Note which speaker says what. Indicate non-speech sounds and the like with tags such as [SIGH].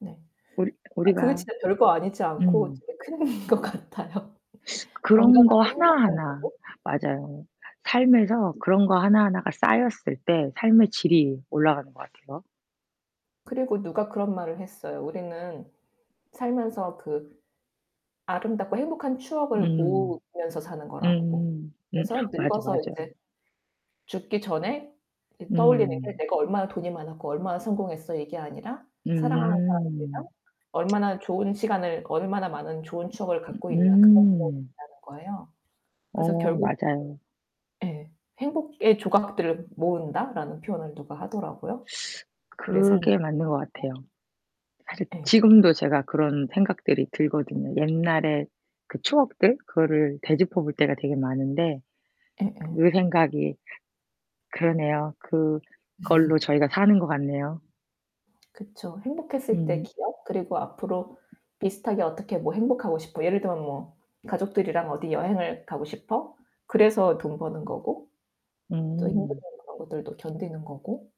Speaker 1: 네.
Speaker 2: 우리
Speaker 1: 아 그게
Speaker 2: 우리가
Speaker 1: 진짜 별거 아니지 않고
Speaker 2: 음.
Speaker 1: 제일 큰 것 같아요.
Speaker 2: [SUCKS TEETH] 그런 거
Speaker 1: 건강하고 행복한
Speaker 2: 하나하나.
Speaker 1: 가족.
Speaker 2: 맞아요. 삶에서 그런 거 하나하나가 쌓였을 때 삶의 질이 올라가는 것 같아요.
Speaker 1: 그리고 누가 그런 말을 했어요. 우리는 살면서 그 아름답고 행복한 추억을
Speaker 2: 음.
Speaker 1: 모으면서 사는 거라고.
Speaker 2: 음. 음
Speaker 1: 그래서
Speaker 2: 맞아,
Speaker 1: 늙어서 인제
Speaker 2: 맞아요.
Speaker 1: 죽기 전에 이제 떠올리는 게
Speaker 2: 음.
Speaker 1: '내가 얼마나 돈이 많았고 얼마나 성공했어.' 이게 아니라' 사랑하는 사람들이랑
Speaker 2: 음.
Speaker 1: 얼마나 좋은 시간을, 얼마나 많은 좋은 추억을 갖고
Speaker 2: 으 으 으
Speaker 1: 있나.' 그런 [UNINTELLIGIBLE]
Speaker 2: 음.
Speaker 1: 거라는 거예요. 그래서
Speaker 2: 어
Speaker 1: 결국
Speaker 2: 맞아요.
Speaker 1: 예. "행복의 조각들을 모은다."라는 표현을 누가 하더라고요.
Speaker 2: [SUCKS TEETH]
Speaker 1: 우리의 삶에
Speaker 2: 그게 맞는 것
Speaker 1: [UNINTELLIGIBLE]
Speaker 2: 같아요. 사실
Speaker 1: 예.
Speaker 2: 지금도 제가 그런 생각들이 들거든요. 옛날에 그 추억들 그거를 되짚어 볼 때가 되게 많은데
Speaker 1: 예예.
Speaker 2: 그 생각이 그러네요. 그걸로
Speaker 1: [LAUGHS]
Speaker 2: 저희가 사는 것 같네요.
Speaker 1: 그쵸. 행복했을 때
Speaker 2: 음.
Speaker 1: 기억, 그리고 앞으로 비슷하게 어떻게 뭐 '행복하고 싶어.' 예를 들면 뭐 '가족들이랑 어디 여행을 가고 싶어.' 그래서 돈 버는 거고 또 힘드는
Speaker 2: 음.
Speaker 1: 그런 것들도 견디는 거고.